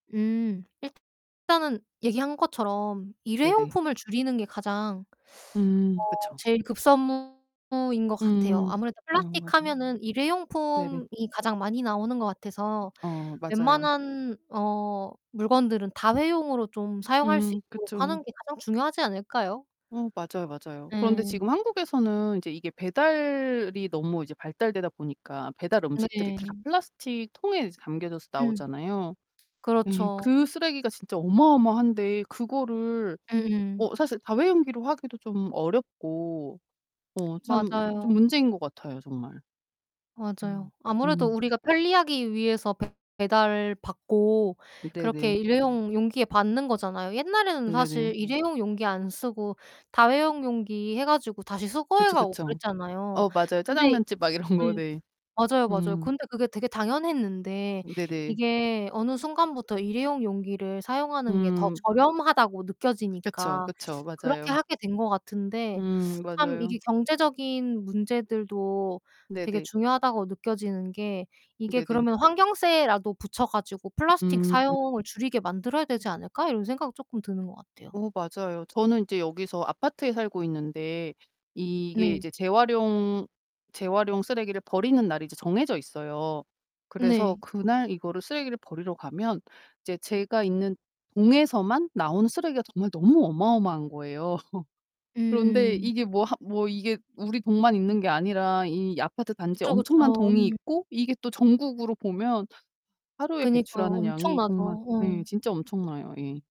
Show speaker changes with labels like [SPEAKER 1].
[SPEAKER 1] 음 일단은 얘기한 것처럼
[SPEAKER 2] 네 네.
[SPEAKER 1] 일회용품을 줄이는 게 가장
[SPEAKER 2] 음
[SPEAKER 1] 어
[SPEAKER 2] 그쵸.
[SPEAKER 1] 제일 급선무인 것 같아요.
[SPEAKER 2] 음.
[SPEAKER 1] 아무래도
[SPEAKER 2] 어
[SPEAKER 1] 플라스틱
[SPEAKER 2] 맞아요.
[SPEAKER 1] 하면은
[SPEAKER 2] 네 네.
[SPEAKER 1] 일회용품이 가장 많이 나오는 것 같아서
[SPEAKER 2] 어 맞아요.
[SPEAKER 1] 웬만한 어 물건들은 다회용으로 좀 사용할 수
[SPEAKER 2] 음
[SPEAKER 1] 있도록
[SPEAKER 2] 그쵸.
[SPEAKER 1] 하는 게 가장 중요하지 않을까요?
[SPEAKER 2] 어 맞아요, 맞아요. 그런데
[SPEAKER 1] 예.
[SPEAKER 2] 지금 한국에서는 이제 이게 배달이 너무 이제 발달되다 보니까 배달 음식들이 다
[SPEAKER 1] 네.
[SPEAKER 2] 플라스틱 통에 이제 담겨져서
[SPEAKER 1] 음.
[SPEAKER 2] 나오잖아요. 예.
[SPEAKER 1] 그렇죠.
[SPEAKER 2] 그 쓰레기가 진짜 어마어마한데 그거를
[SPEAKER 1] 음음.
[SPEAKER 2] 어 사실 다회용기로 하기도 좀 어렵고 어 참
[SPEAKER 1] 맞아요.
[SPEAKER 2] 좀 문제인 것 같아요, 정말. 음.
[SPEAKER 1] 맞아요. 아무래도
[SPEAKER 2] 음.
[SPEAKER 1] 우리가 편리하기 위해서 배 배달 받고 그렇게
[SPEAKER 2] 네네.
[SPEAKER 1] 일회용 용기에 받는 거잖아요. 옛날에는
[SPEAKER 2] 네네.
[SPEAKER 1] 사실 일회용 용기 안 쓰고 다회용 용기 해 가지고 다시 수거해
[SPEAKER 2] 그쵸,
[SPEAKER 1] 가고
[SPEAKER 2] 그쵸.
[SPEAKER 1] 그랬잖아요.
[SPEAKER 2] 어 맞아요
[SPEAKER 1] 근데
[SPEAKER 2] 짜장면집 막 이런 거.
[SPEAKER 1] 예.
[SPEAKER 2] 네.
[SPEAKER 1] 맞아요, 맞아요.
[SPEAKER 2] 음.
[SPEAKER 1] 근데 그게 되게 당연했는데
[SPEAKER 2] 네네.
[SPEAKER 1] 이게 어느 순간부터 일회용 용기를 사용하는 게 더
[SPEAKER 2] 음.
[SPEAKER 1] 저렴하다고
[SPEAKER 2] 그쵸,
[SPEAKER 1] 느껴지니까
[SPEAKER 2] 그쵸.
[SPEAKER 1] 그렇게
[SPEAKER 2] 맞아요.
[SPEAKER 1] 하게 된 것 같은데
[SPEAKER 2] 음
[SPEAKER 1] 참
[SPEAKER 2] 맞아요.
[SPEAKER 1] 이게 경제적인 문제들도 되게
[SPEAKER 2] 네네.
[SPEAKER 1] 중요하다고 느껴지는 게 이게
[SPEAKER 2] 네네.
[SPEAKER 1] '그러면 환경세라도 붙여 가지고 플라스틱
[SPEAKER 2] 음.
[SPEAKER 1] 사용을 줄이게 만들어야 되지 않을까?' 이런 생각 쪼끔 드는 것 같아요.
[SPEAKER 2] 어 맞아요. 저는 인제 여기서 아파트에 살고 있는데 이게
[SPEAKER 1] 네.
[SPEAKER 2] 이제 재활용 재활용 쓰레기를 버리는 날이 이제 정해져 있어요. 그래서
[SPEAKER 1] 네.
[SPEAKER 2] 그날 이거를 쓰레기를 버리러 가면 이제 제가 있는 동에서만 나온 쓰레기가 정말 너무 어마어마한 거예요. 그런데
[SPEAKER 1] 음음.
[SPEAKER 2] 이게 뭐 하 뭐 이게 우리 동만 있는 게 아니라 이 아파트 단지에
[SPEAKER 1] 그쵸,
[SPEAKER 2] 엄청난
[SPEAKER 1] 그쵸.
[SPEAKER 2] 동이
[SPEAKER 1] 음.
[SPEAKER 2] 있고 이게 또 전국으로 보면 하루에
[SPEAKER 1] 그니까요.
[SPEAKER 2] 배출하는 양이
[SPEAKER 1] 엄청나죠.
[SPEAKER 2] 정말 네
[SPEAKER 1] 어.
[SPEAKER 2] 진짜 엄청나요 예.